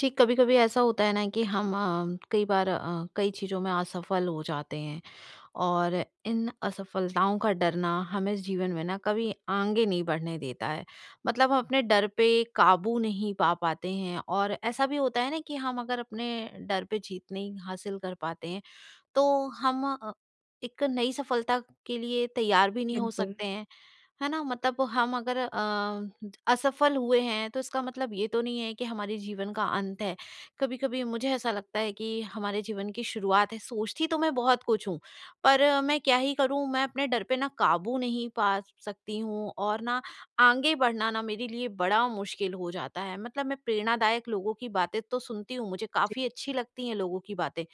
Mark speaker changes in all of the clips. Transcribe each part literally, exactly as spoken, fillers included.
Speaker 1: जी, कभी-कभी ऐसा होता है ना कि हम अ, कई बार अ, कई चीज़ों में असफल हो जाते हैं, और इन असफलताओं का डर ना हमें जीवन में ना कभी आगे नहीं बढ़ने देता है। मतलब हम अपने डर पे काबू नहीं पा पाते हैं और ऐसा भी होता है ना कि हम अगर अपने डर पे जीत नहीं हासिल कर पाते हैं, तो हम अ, एक नई सफलता के लिए तैयार भी नहीं हो
Speaker 2: बिल्कुल।
Speaker 1: सकते हैं। है ना? मतलब हम अगर अ, असफल हुए हैं, तो इसका मतलब ये तो नहीं है कि हमारे जीवन का अंत है, कभी-कभी मुझे ऐसा लगता है कि हमारे जीवन की शुरुआत है। सोचती तो मैं बहुत कुछ हूँ, पर मैं क्या ही करूँ मैं अपने डर पे ना काबू नहीं पा स सकती हूँ और ना आगे बढ़ना ना मेरे लिए बड़ा मुश्किल हो जाता है, मतलब मैं प्रेरणादायक लोगों की बातें तो सुनती हूँ, मुझे
Speaker 2: जी।
Speaker 1: काफ़ी अच्छी लगती हैं लोगों की बातें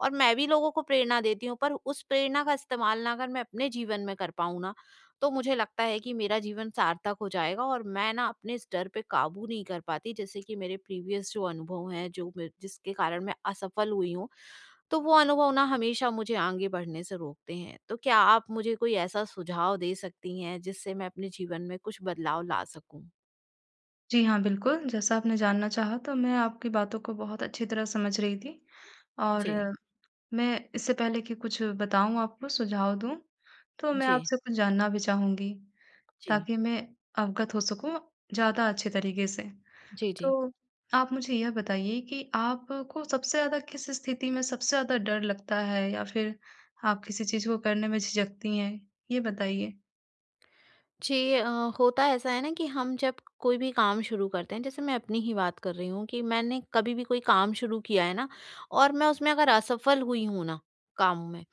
Speaker 1: और मैं भी लोगों को प्रेरणा देती हूँ पर उस प्रेरणा का इस्तेमाल ना अगर मैं अपने जीवन में कर पाऊँ ना, तो मुझे लगता है कि मेरा जीवन सार्थक हो जाएगा। और मैं ना अपने इस डर पर काबू नहीं कर पाती जैसे कि मेरे प्रीवियस जो अनुभव है, जो मेर जिसके कारण मैं असफल हुई हूँ, तो वो अनुभव ना हमेशा मुझे आगे बढ़ने से रोकते हैं। तो क्या आप मुझे कोई ऐसा सुझाव दे सकती हैं, जिससे मैं अपने जीवन में कुछ बदलाव ला सकूँ?
Speaker 2: जी हाँ, बिल्कुल जैसा आपने जानना चाहा तो मैं आपकी बातों को बहुत अच्छी तरह समझ रही थी, और
Speaker 1: जी।
Speaker 2: मैं इससे पहले की कुछ बताऊँ आपको सुझाव दूँ। तो मैं
Speaker 1: जी।
Speaker 2: आपसे कुछ जानना भी चाहूँगी,
Speaker 1: जी।
Speaker 2: ताकि मैं अवगत हो सकूँ ज़्यादा अच्छे तरीक़े से।
Speaker 1: जी, जी।
Speaker 2: तो आप मुझे यह बताइए कि आपको सबसे ज़्यादा किस स्थिति में सबसे ज़्यादा डर लगता है या फिर आप किसी चीज़ को करने में झिझकती हैं? ये बताइए।
Speaker 1: जी अ, होता ऐसा है ना कि हम जब कोई भी काम शुरू करते हैं, जैसे मैं अपनी ही बात कर रही हूँ कि मैंने कभी भी कोई काम शुरू किया है ना, और मैं उसमें अगर असफल हुई हूँ ना, काम में,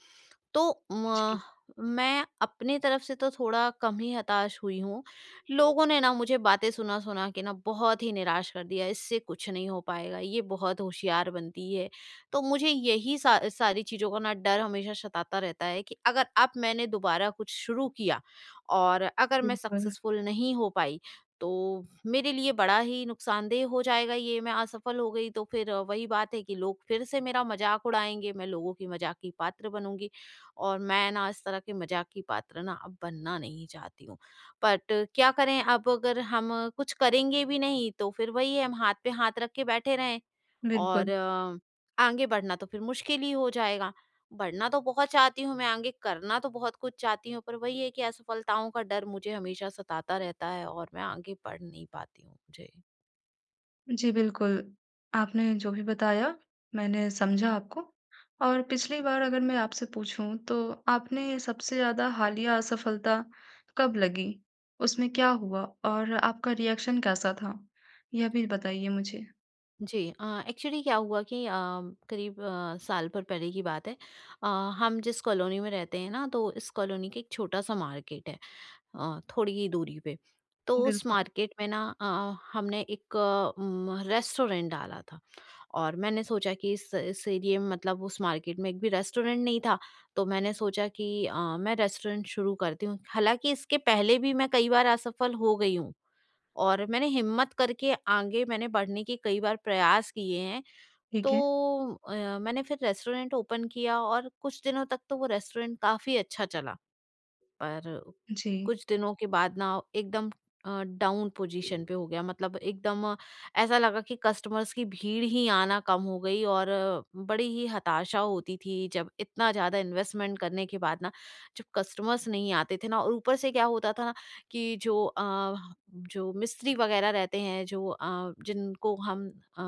Speaker 1: तो
Speaker 2: जी।
Speaker 1: म मैं अपनी तरफ़ से तो थोड़ा कम ही हताश हुई हूँ, लोगों ने ना मुझे बातें सुना-सुना के ना बहुत ही निराश कर दिया है, इससे कुछ नहीं हो पाएगा, ये बहुत होशियार बनती है। तो मुझे यही सा सारी चीज़ों का ना डर हमेशा सताता रहता है कि अगर अब मैंने दोबारा कुछ शुरू किया और अगर मैं
Speaker 2: बिल्कुल।
Speaker 1: सक्सेसफुल नहीं हो पाई, तो मेरे लिए बड़ा ही नुक़सानदेह हो जाएगा ये। मैं असफल हो गई तो फिर वही बात है कि लोग फिर से मेरा मज़ाक उड़ाएँगे, मैं लोगों की मज़ाक की पात्र बनूँगी। और मैं ना इस तरह के मज़ाक की पात्र ना अब बनना नहीं चाहती हूँ, बट क्या करें अब अगर हम कुछ करेंगे भी नहीं, तो फिर वही है, हम हाथ पे हाथ रख के बैठे रहें
Speaker 2: बिल्कुल।
Speaker 1: और आगे बढ़ना तो फिर मुश्किल ही हो जाएगा। बढ़ना तो बहुत चाहती हूँ मैं आगे, करना तो बहुत कुछ चाहती हूँ पर वही है कि असफलताओं का डर मुझे हमेशा सताता रहता है और मैं आगे बढ़ नहीं पाती हूँ। जी।
Speaker 2: जी, बिल्कुल। आपने जो भी बताया मैंने समझा आपको और पिछली बार अगर मैं आपसे पूछूँ तो आपने सबसे ज़्यादा हालिया असफलता कब लगी? उसमें क्या हुआ? और आपका रिएक्शन कैसा था? यह भी बताइए मुझे।
Speaker 1: जी, अ, एक्चुअली क्या हुआ कि अ, करीब अ, साल भर पहले की बात है अ, हम जिस कॉलोनी में रहते हैं ना तो इस कॉलोनी के एक छोटा-सा मार्केट है अ, थोड़ी ही दूरी पे। तो उस
Speaker 2: बिल्कुल।
Speaker 1: मार्केट में ना अ, हमने एक उम, रेस्टोरेंट डाला था और मैंने सोचा कि इस इस एरिए में मतलब उस मार्केट में एक भी रेस्टोरेंट नहीं था। तो मैंने सोचा कि अ, मैं रेस्टोरेंट शुरू करती हूँ, हालाँकि इसके पहले भी मैं कई बार असफल हो गई हूँ और मैंने हिम्मत करके आगे मैंने बढ़ने के कई बार प्रयास किए हैं। तो
Speaker 2: ठीक है।
Speaker 1: अ, मैंने फिर रेस्टोरेंट ओपन किया और कुछ दिनों तक तो वो रेस्टोरेंट काफ़ी अच्छा चला। पर
Speaker 2: जी।
Speaker 1: कुछ दिनों के बाद ना एकदम अ, डाउन पोज़ीशन पे हो गया मतलब एकदम ऐसा लगा कि कस्टमर्स की भीड़ ही आना कम हो गई और बड़ी ही हताशा होती थी, जब इतना ज़्यादा इन्वेस्टमेंट करने के बाद ना जब कस्टमर्स नहीं आते थे ना और ऊपर से क्या होता था ना कि जो अ, जो मिस्त्री वगैरह रहते हैं, जो अ, जिनको हम अ,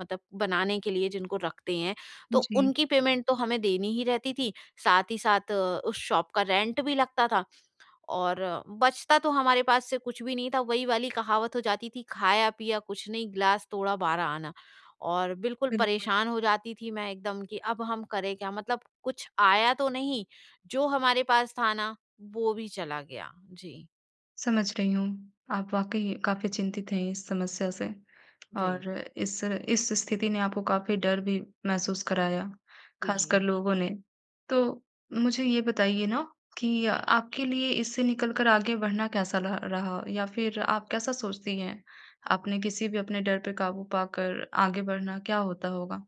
Speaker 1: मतलब बनाने के लिए जिनको रखते हैं, तो
Speaker 2: जी।
Speaker 1: उनकी पेमेंट तो हमें देनी ही रहती थी। साथ ही साथ उस शॉप का रेंट भी लगता था और बचता तो हमारे पास से कुछ भी नहीं था। वही वाली कहावत हो जाती थी, खाया-पिया कुछ नहीं ग्लास तोड़ा बारह आना और बिल्कुल
Speaker 2: बिल्कुल।
Speaker 1: परेशान हो जाती थी मैं एकदम कि अब हम करें क्या? मतलब कुछ आया तो नहीं जो हमारे पास था ना वो भी चला गया। जी।
Speaker 2: समझ रही हूँ, आप वाक़ई काफ़ी चिंतित हैं इस समस्या से और
Speaker 1: जी।
Speaker 2: इस इस स्थिति ने आपको काफ़ी डर भी महसूस कराया,
Speaker 1: जी,
Speaker 2: ख़ासकर
Speaker 1: जी।
Speaker 2: लोगों ने। तो मुझे ये बताइए ना कि आपके लिए इससे निकलकर आगे बढ़ना कैसा लहा रहा या फ़िर आप कैसा सोचती हैं? आपने किसी भी अपने डर पर काबू पाकर आगे बढ़ना क्या होता होगा?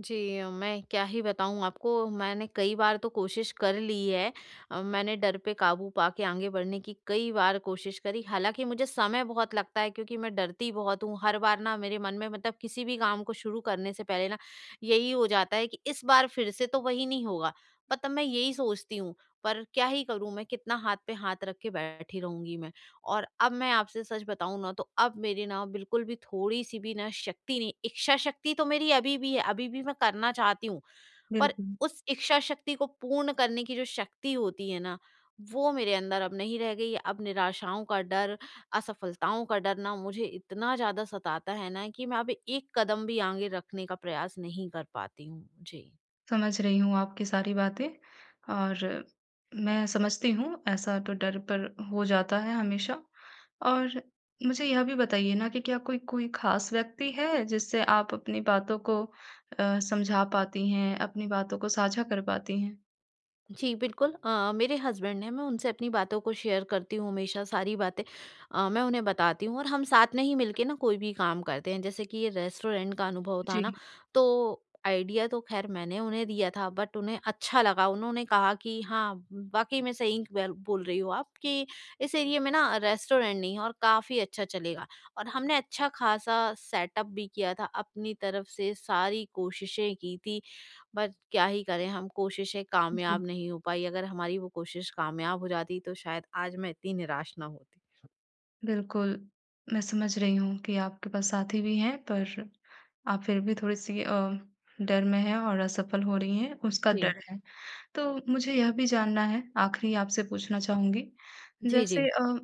Speaker 1: जी, मैं क्या ही बताऊँ आपको मैंने कई बार तो कोशिश कर ली है। अ, मैंने डर पे काबू पाके आगे बढ़ने की कई बार कोशिश करी, हालाँकि मुझे समय बहुत लगता है क्योंकि मैं डरती बहुत हूँ। हर बार ना मेरे मन में मतलब किसी भी काम को शुरू करने से पहले ना यही हो जाता है कि इस बार फ़िर से तो वही नहीं होगा? पर तब मैं यही सोचती हूँ पर क्या ही करूँ, मैं कितना हाथ पे हाथ रख के बैठी रहूँगी मैं? और अब मैं आपसे सच बताऊँ ना तो अब मेरे ना बिल्कुल भी थोड़ी-सी भी ना शक्ति नहीं इच्छाशक्ति तो मेरी अभी भी है, अभी भी मैं करना चाहती हूँ। पर
Speaker 2: बिल्कुल।
Speaker 1: उस इच्छाशक्ति को पूर्ण करने की जो शक्ति होती है ना वो मेरे अंदर अब नहीं रह गई है। अब निराशाओं का डर, असफलताओं का डर ना मुझे इतना ज़्यादा सताता है ना कि मैं अब एक कदम भी आगे रखने का प्रयास नहीं कर पाती हूँ। जी।
Speaker 2: समझ रही हूँ आपकी सारी बातें और मैं समझती हूँ ऐसा तो डर पर हो जाता है हमेशा और मुझे यह भी बताइए ना कि क्या कोई कोई ख़ास व्यक्ति है, जिससे आप अपनी बातों को अ, समझा पाती हैं? अपनी बातों को साझा कर पाती हैं?
Speaker 1: जी, बिल्कुल। अ, मेरे हसबैंड हैं, मैं उनसे अपनी बातों को शेयर करती हूँ हमेशा सारी बातें अ, मैं उन्हें बताती हूँ और हम साथ में ही मिल के ना कोई भी काम करते हैं। जैसे कि ये रेस्टोरेंट का अनुभव था ना,
Speaker 2: जी।
Speaker 1: तो आईडिया तो ख़ैर मैंने उन्हें दिया था बट उन्हें अच्छा लगा। उन्होंने कहा कि, "हाँ, व वाक़ई मैं सही क वैल बोल रही हो आप कि इस एरिया में ना रेस्टोरेंट नहीं है और काफ़ी अच्छा चलेगा।" और हमने अच्छा-ख़ासा सेटअप भी किया था अपनी तरफ़ से सारी कोशिशें की थीं, बट क्या ही करें हम, कोशिशें
Speaker 2: जी।
Speaker 1: कामयाब नहीं हो पाईं। अगर हमारी वो कोशिश कामयाब हो जाती तो शायद आज मैं इतनी निराश ना होती।
Speaker 2: बिल्कुल। मैं समझ रही हूँ कि आपके पास साथी भी हैं पर आप फिर भी थोड़ी-सी अ, डर में हैं और असफल हो रही हैं उसका
Speaker 1: जी।
Speaker 2: डर है। तो मुझे यह भी जानना है आखिरी आपसे पूछना चाहूँगी,
Speaker 1: जी,
Speaker 2: जैसे
Speaker 1: जी।
Speaker 2: अ,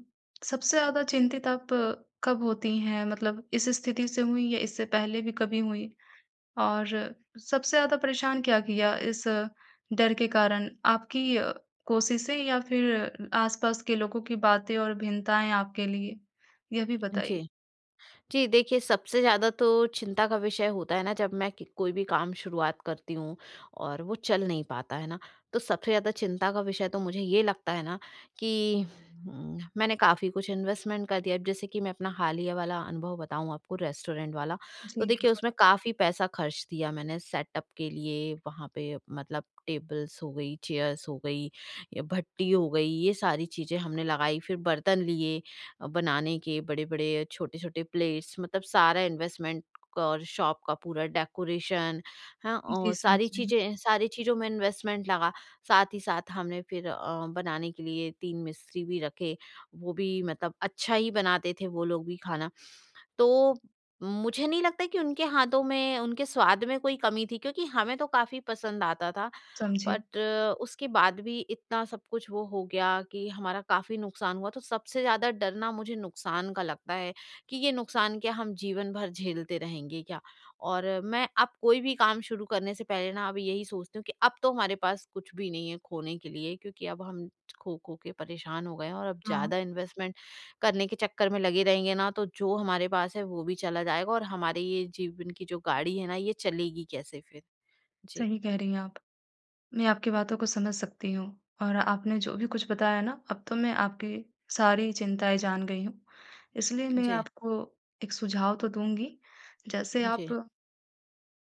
Speaker 2: सबसे ज़्यादा चिंतित आप कब होती हैं मतलब इस स्थिति से हुईं या इससे पहले भी कभी हुईं? और सबसे ज़्यादा परेशान क्या किया इस डर के कारण आपकी अ, कोशिशें या फिर आस-पास के लोगों की बातें और भिन्नताएँ आपके लिए? यह भी बताइए।
Speaker 1: जी। जी देखिए, सबसे ज़्यादा तो चिंता का विषय होता है ना जब मैं कि कोई भी काम शुरुआत करती हूँ और वो चल नहीं पाता है ना, तो सबसे ज़्यादा चिंता का विषय तो मुझे ये लगता है ना, कि उम, मैंने काफ़ी कुछ इन्वेस्टमेंट कर दिया है। जैसे कि मैं अपना हालिया वाला अनुभव बताऊँ आपको रेस्टोरेंट वाला, तो
Speaker 2: जी,
Speaker 1: देखिए
Speaker 2: बिल्कुल।
Speaker 1: उसमें काफ़ी पैसा खर्च दिया मैंने सेटअप के लिए वहाँ पे मतलब टेबल्स हो गई, चेयर्स हो गई या भट्टी हो गई, ये सारी चीज़ें हमने लगाई। फिर बर्तन लिए अ, बनाने के बड़े-बड़े अ, छोटे-छोटे प्लेट्स मतलब सारा इन्वेस्टमेंट कौर शॉप का पूरा डेकोरेशन हाँ,
Speaker 2: जी,
Speaker 1: औ
Speaker 2: समझ
Speaker 1: सारी
Speaker 2: रही हूँ मैं।
Speaker 1: चीज़ें सारी चीज़ों में इन्वेस्टमेंट लगा। साथ ही साथ हमने फिर अ, बनाने के लिए तीन मिस्त्री भी रखे, वो भी मतलब अच्छा ही बनाते थे वो लोग भी खाना। तो मुझे नहीं लगता कि उनके हाथों में, उनके स्वाद में कोई कमी थी क्योंकि हमें तो काफ़ी पसंद आता था,
Speaker 2: समझी।
Speaker 1: बट उसके बाद भी इतना सब कुछ वो हो गया कि हमारा काफ़ी नुकसान हुआ। तो सबसे ज़्यादा डर ना मुझे नुकसान का लगता है कि ये नुकसान क्या हम जीवन भर झेलते रहेंगे क्या? और मैं अब कोई भी काम शुरू करने से पहले ना अब यही सोचती हूँ कि अब तो हमारे पास कुछ भी नहीं है खोने के लिए क्योंकि अब हम खो-खो के परेशान हो गए हैं और अब
Speaker 2: हाँ।
Speaker 1: ज़्यादा इन्वेस्टमेंट करने के चक्कर में लगे रहेंगे ना तो जो हमारे पास है, वो भी चला जाएगा और हमारे ये जीवन की जो गाड़ी है ना, ये चलेगी कैसे फिर। जी।
Speaker 2: सही कह रही हैं आप। मैं आपकी बातों को समझ सकती हूँ और आपने जो भी कुछ बताया ना, अब तो मैं आपकी सारी चिंताएँ जान गई हूँ। इसलिए मैं
Speaker 1: जी।
Speaker 2: आपको एक सुझाव तो दूँगी, जैसे
Speaker 1: ह
Speaker 2: आप
Speaker 1: जी।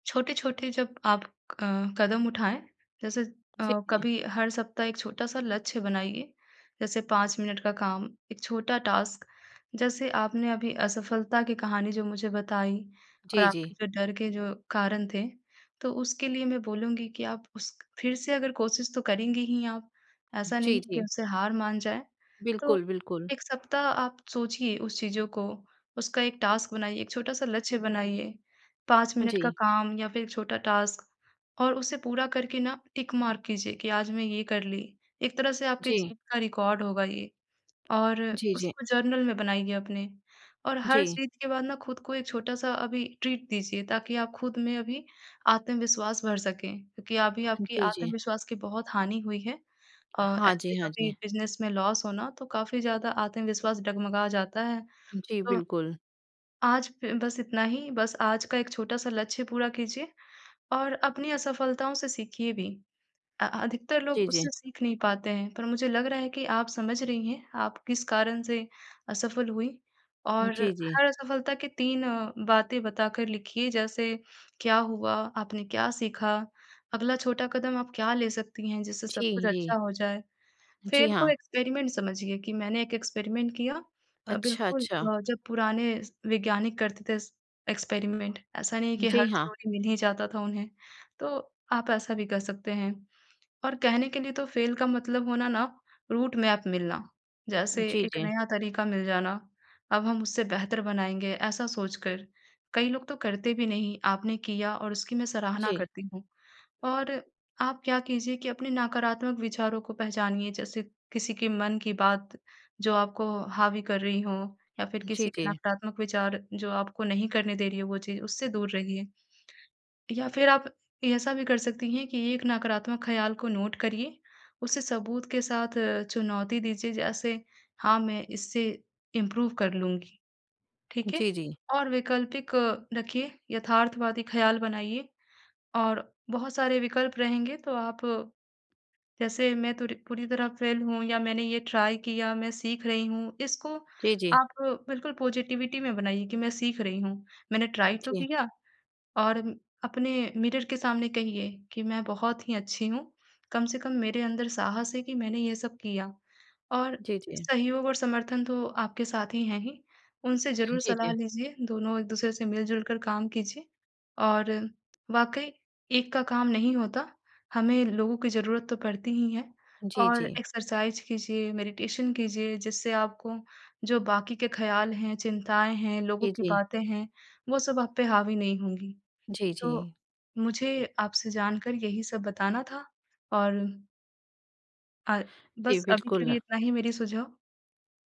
Speaker 2: छोटे-छोटे जब आप अ, कदम उठाएँ जैसे
Speaker 1: ठीक
Speaker 2: अ,
Speaker 1: है।
Speaker 2: कभी हर सप्ताह एक छोटा-सा लक्ष्य बनाइए। जैसे पाँच मिनट का काम, एक छोटा टास्क जैसे आपने अभी असफलता की कहानी जो मुझे बताई और
Speaker 1: जी,
Speaker 2: आपके
Speaker 1: जी।
Speaker 2: जो डर के जो कारण थे, तो उसके लिए मैं बोलूँगी कि आप उस फिर से अगर कोशिश तो करेंगी ही आप ऐसा नहीं
Speaker 1: जी,
Speaker 2: है कि
Speaker 1: जी।
Speaker 2: उससे हार मान जाएँ। तो
Speaker 1: बिल्कुल, बिल्कुल।
Speaker 2: एक सप्ताह आप सोचिए उस चीज़ों को उसका एक टास्क बनाइए एक छोटा-सा लक्ष्य बनाइए पाँच
Speaker 1: हाँ
Speaker 2: मिनट का
Speaker 1: जी।
Speaker 2: काम या फिर एक छोटा टास्क और उसे पूरा करके ना टिक मार्क कीजिए कि आज मैं ये कर ली एक तरह से आपकी
Speaker 1: जी।
Speaker 2: जीत का रिकॉर्ड होगा ये और
Speaker 1: जी, जी।
Speaker 2: उसको जर्नल में बनाइए अपने और हर
Speaker 1: जी।
Speaker 2: चीज़ के बाद ना खुद को एक छोटा-सा अभी ट्रीट दीजिए ताकि आप खुद में अभी आत्मविश्वास भर सकें क्योंकि अभी आपकी
Speaker 1: जी, जी।
Speaker 2: आत्मविश्वास की बहुत हानि हुई है अ,
Speaker 1: हाँ
Speaker 2: ऐसे
Speaker 1: जी, हाँ
Speaker 2: कभी
Speaker 1: जी।
Speaker 2: बिजनेस में लॉस हो ना तो काफ़ी ज़्यादा आत्मविश्वास डगमगा जाता है
Speaker 1: जी,
Speaker 2: तो
Speaker 1: बिल्कुल।
Speaker 2: आज फ बस इतना ही बस आज का एक छोटा-सा लक्ष्य पूरा कीजिए और अपनी असफलताओं से सीखिए भी अ, अधिकतर लोग
Speaker 1: जी, जी।
Speaker 2: उससे सीख नहीं पाते हैं, पर मुझे लग रहा है कि आप समझ रही हैं, आप किस कारण से असफल हुई और
Speaker 1: जी, जी।
Speaker 2: हर असफलता के तीन बातें बता कर लिखिए जैसे क्या हुआ? आपने क्या सीखा? अगला छोटा कदम आप क्या ले सकती हैं? जिससे सब कुछ
Speaker 1: जी,
Speaker 2: अच्छा
Speaker 1: जी।
Speaker 2: हो जाए।
Speaker 1: जी,
Speaker 2: फ़ेल को
Speaker 1: हाँ।
Speaker 2: एक्सपेरिमेंट समझिए कि मैंने एक एक्सपेरिमेंट किया अ,
Speaker 1: अच्छा,
Speaker 2: बिल्कुल
Speaker 1: अच्छा।
Speaker 2: अ, जब पुराने वैज्ञानिक करते थे एक्सपेरिमेंट ऐसा नहीं है कि
Speaker 1: जी,
Speaker 2: हर
Speaker 1: हाँ।
Speaker 2: थ्योरी मिल ही जाता था उन्हें, तो आप ऐसा भी कर सकते हैं और कहने के लिए तो फ़ेल का मतलब होना ना रूटमैप मिलना, जैसे
Speaker 1: जी,
Speaker 2: एक
Speaker 1: जी।
Speaker 2: नया तरीक़ा मिल जाना, अब हम उससे बेहतर बनाएँगे, ऐसा सोचकर, कई लोग तो करते भी नहीं आपने किया और उसकी मैं सराहना
Speaker 1: जी।
Speaker 2: करती हूँ। और आप क्या कीजिए कि अपने नकारात्मक विचारों को पहचानिए जैसे किसी के मन की बात, जो आपको हावी कर रही हो या फिर
Speaker 1: जी,
Speaker 2: किसी के
Speaker 1: जी।
Speaker 2: नकारात्मक विचार जो आपको नहीं करने दे रही हो वो चीज़, उससे दूर रहिए या फिर आप ऐसा भी कर सकती हैं कि एक नकारात्मक ख़्याल को नोट करिए उसे सबूत के साथ अ, चुनौती दीजिए जैसे हाँ मैं इससे इम्प्रूव कर लूँगी। ठीक है?
Speaker 1: जी, जी।
Speaker 2: और वैकल्पिक रखिए यथार्थवादी ख़्याल बनाइए और बहुत सारे विकल्प रहेंगे, तो आप जैसे मैं तो पूरी तरह फ़ेल हूँ या मैंने ये ट्राई किया, मैं सीख रही हूँ, इसको
Speaker 1: जी, जी।
Speaker 2: आप बिल्कुल पॉज़िटिविटी में बनाइए कि मैं सीख रही हूँ। मैंने ट्राई तो
Speaker 1: जी।
Speaker 2: किया और अपने मिरर के सामने कहिए कि मैं बहुत ही अच्छी हूँ, कम से कम मेरे अंदर साहस है कि मैंने ये सब किया और
Speaker 1: जी, जी।
Speaker 2: सहयोग और समर्थन तो आपके साथी हैं ही, उनसे ज़रूर
Speaker 1: जी,
Speaker 2: सलाह
Speaker 1: जी।
Speaker 2: लीजिए, दोनों एक-दूसरे से मिल-जुल कर काम कीजिए और वाक़ई एक का काम नहीं होता, हमें लोगों की ज़रूरत तो पड़ती ही है
Speaker 1: जी,
Speaker 2: और
Speaker 1: जी।
Speaker 2: एक्सरसाइज़ कीजिए, मेडिटेशन कीजिए, जिससे आपको जो बाक़ी के ख़्याल हैं, चिंताएँ हैं, लोगों
Speaker 1: जी,
Speaker 2: की
Speaker 1: जी।
Speaker 2: बातें हैं, वो सब आप पे हावी नहीं होंगी।
Speaker 1: जी,
Speaker 2: तो
Speaker 1: जी।
Speaker 2: मुझे आपसे जानकर यही सब बताना था और अ,
Speaker 1: जी,
Speaker 2: बस अभी के लिए
Speaker 1: बिल्कुल।
Speaker 2: इतना ही मेरी सुझाव।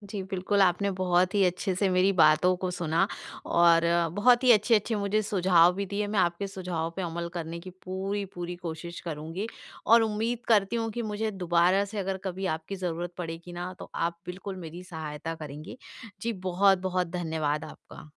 Speaker 1: जी, बिल्कुल, आपने बहुत ही अच्छे से मेरी बातों को सुना। और बहुत ही अच्छे-अच्छे मुझे सुझाव भी दिए, मैं आपके सुझाव पे अमल करने की पूरी-पूरी कोशिश करूँगी और उम्मीद करती हूँ कि मुझे दोबारा से अगर कभी आपकी ज़रूरत पड़ेगी ना तो आप बिल्कुल मेरी सहायता करेंगी। जी बहुत-बहुत धन्यवाद आपका।